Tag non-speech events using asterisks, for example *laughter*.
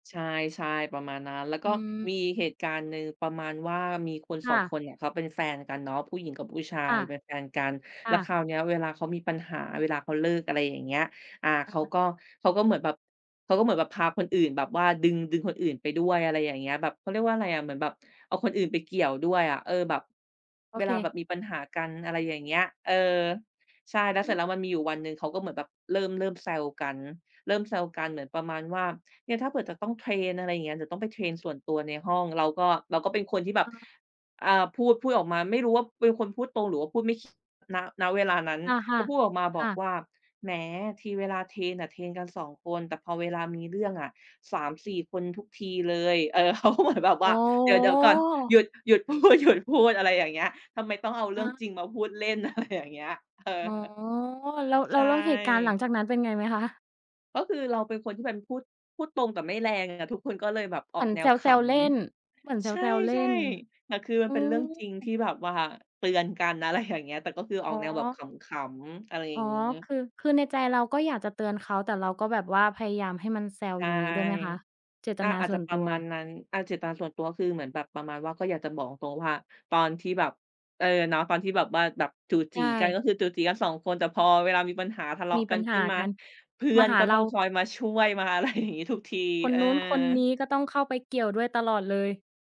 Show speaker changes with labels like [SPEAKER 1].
[SPEAKER 1] ใช่ ๆ ประมาณนั้น แล้ว
[SPEAKER 2] อ
[SPEAKER 1] ก็
[SPEAKER 2] ืม
[SPEAKER 1] มีเหตุการณ์หนึ่งประมาณว่า มีคน
[SPEAKER 2] ค
[SPEAKER 1] สอ
[SPEAKER 2] ่
[SPEAKER 1] ง ค
[SPEAKER 2] ะ
[SPEAKER 1] นเนี่ยเขาเป็นแฟนกันเนาะ ผู้หญิงกับผู้ชา
[SPEAKER 2] ค
[SPEAKER 1] ย
[SPEAKER 2] ่ะ
[SPEAKER 1] เป็นแฟนกัน
[SPEAKER 2] ค
[SPEAKER 1] แล้
[SPEAKER 2] ่
[SPEAKER 1] วค
[SPEAKER 2] ะ
[SPEAKER 1] ราวนี้เวลาเขามีปัญหา เวลาเขาเลิก อะไรอย่างเงี้ย อา
[SPEAKER 2] อ
[SPEAKER 1] เข
[SPEAKER 2] ะ
[SPEAKER 1] า
[SPEAKER 2] ฮะ
[SPEAKER 1] ก็ เขาก็เหมือนแบบ เขาก็เหมือนแบบพาคนอื่น แบบว่าดึง ดึงคนอื่นไปด้วย อะไรอย่างเงี้ย แบบ เขาเรียกว่าอะไรอะ เหมือนแบบ เอาคนอื่นไปเกี่ยวด้วยอะ เออ แบบ
[SPEAKER 2] โอ
[SPEAKER 1] เว
[SPEAKER 2] เ
[SPEAKER 1] ลาแบบ
[SPEAKER 2] ค
[SPEAKER 1] มีปัญหากัน อะไรอย่างเงี้ย เออ ใช่ แล้ว
[SPEAKER 2] อ
[SPEAKER 1] เสร
[SPEAKER 2] ื
[SPEAKER 1] ็จแล
[SPEAKER 2] ม
[SPEAKER 1] ้ว มันมีอยู่วันหนึ่งเขาก็เหมือนแบบเริ่ม เริ่มแซวกัน เริ่มแซวกัน เหมือนประมาณว่า เนี่ยถ้าเผื่อจะต้องเทรน อะไรอย่างเงี้ย จะต้องไปเทรนส่วนตัวในห้อง เราก็ เราก็เป็นคนที่แบบ
[SPEAKER 2] อา
[SPEAKER 1] อา พูด พูดออกมา ไม่รู้ว่าเป็นคนพูดตรง หรือว่าพูดไม่คิด ณ ณ เวลานั้น
[SPEAKER 2] ค
[SPEAKER 1] ก
[SPEAKER 2] ่ะ
[SPEAKER 1] ็พูดออกมา
[SPEAKER 2] ๆ
[SPEAKER 1] บ
[SPEAKER 2] ค
[SPEAKER 1] อ
[SPEAKER 2] ่
[SPEAKER 1] ก
[SPEAKER 2] ะ
[SPEAKER 1] ว่า "แหม ทีเวลาเทรนน่ะ เทรนกัน 2 คน แต่พอเวลามีเรื่องอะ 3 4 คนทุกทีเลย" เออ เขาก็เหมือน แบบ
[SPEAKER 2] โ
[SPEAKER 1] ว
[SPEAKER 2] อ
[SPEAKER 1] ่
[SPEAKER 2] ้
[SPEAKER 1] า "เดี๋ยว เดี๋ยวก่อน หยุ
[SPEAKER 2] โฮ
[SPEAKER 1] ด หยุดพูด ๆ อะไรอย่างเงี้ย ทำไมต้องเอาเร
[SPEAKER 2] อ
[SPEAKER 1] ื่
[SPEAKER 2] ะ
[SPEAKER 1] อ
[SPEAKER 2] ฮ
[SPEAKER 1] งจ
[SPEAKER 2] ะ
[SPEAKER 1] ริงมาพูดเล่น" อะไร อย่างเงี้ย เออ
[SPEAKER 2] อ๋อ
[SPEAKER 1] *chuckles*
[SPEAKER 2] แล้ว แ
[SPEAKER 1] ใ
[SPEAKER 2] ล
[SPEAKER 1] ช
[SPEAKER 2] ้ว แล้วเหตุการณ์หลัง
[SPEAKER 1] ่
[SPEAKER 2] จากนั้นเป็นไงไหมคะ?
[SPEAKER 1] ก็คือเราเป็นคนที่เป็น พูด พูดตรง แต่ไม่แรงอะ ทุกคนก็เลยแบบอ
[SPEAKER 2] เหม
[SPEAKER 1] อ
[SPEAKER 2] ื
[SPEAKER 1] ก
[SPEAKER 2] อน
[SPEAKER 1] แน
[SPEAKER 2] แ
[SPEAKER 1] วข
[SPEAKER 2] ซว ๆ เล่น เหมือนแ
[SPEAKER 1] ำ ใช
[SPEAKER 2] ซว ๆ เล่
[SPEAKER 1] ่
[SPEAKER 2] น
[SPEAKER 1] ๆ แต่คือมั
[SPEAKER 2] อื
[SPEAKER 1] นเป็นเรื่องจริงที่
[SPEAKER 2] ม
[SPEAKER 1] แบบว่าเตือนกัน อะไรอย่างเงี้ย แต่ก็คืออ
[SPEAKER 2] อ
[SPEAKER 1] อ
[SPEAKER 2] ๋
[SPEAKER 1] กแนวแบบ
[SPEAKER 2] อ
[SPEAKER 1] ขำ ๆ อะไรอ
[SPEAKER 2] อ
[SPEAKER 1] ย่
[SPEAKER 2] ๋อ
[SPEAKER 1] างงี้
[SPEAKER 2] คือ คือในใจเราก็อยากจะเตือนเขา แต่เราก็แบบว่าพยายามให้มันแซว
[SPEAKER 1] ใช
[SPEAKER 2] อ
[SPEAKER 1] ่
[SPEAKER 2] ย่างงี้ด้วยไหมคะ? เจต
[SPEAKER 1] อา
[SPEAKER 2] นา
[SPEAKER 1] อาจ
[SPEAKER 2] ส่
[SPEAKER 1] จะ
[SPEAKER 2] วน
[SPEAKER 1] ป
[SPEAKER 2] ต
[SPEAKER 1] ร
[SPEAKER 2] ั
[SPEAKER 1] ะมาณ
[SPEAKER 2] ว
[SPEAKER 1] นั้น อา เจตนาส่วนตัวก็คือเหมือนแบบประมาณว่า ก็อยากจะบอกตรง ๆ ว่า ตอนที่แบบ เออ เนาะ ตอนที่แบบว่าแบบจู๋
[SPEAKER 2] ใช
[SPEAKER 1] จี๋กัน
[SPEAKER 2] ่
[SPEAKER 1] ก็คือจู๋จี๋กัน 2 คน แต่พอเวลามีปัญหา ทะเลา
[SPEAKER 2] ม
[SPEAKER 1] ะ
[SPEAKER 2] ีป
[SPEAKER 1] กั
[SPEAKER 2] ั
[SPEAKER 1] น
[SPEAKER 2] ญห
[SPEAKER 1] ขึ
[SPEAKER 2] า
[SPEAKER 1] ้นมา
[SPEAKER 2] กัน
[SPEAKER 1] เพื่
[SPEAKER 2] ม
[SPEAKER 1] อ
[SPEAKER 2] า
[SPEAKER 1] น
[SPEAKER 2] หา
[SPEAKER 1] ก็
[SPEAKER 2] เร
[SPEAKER 1] ต้
[SPEAKER 2] า
[SPEAKER 1] องคอยมาช่วย มาอะ ไร อย่างนี้ทุกที
[SPEAKER 2] คน
[SPEAKER 1] เออ
[SPEAKER 2] นู้นคนนี้ก็ต้องเข้าไปเกี่ยวด้วยตลอดเลย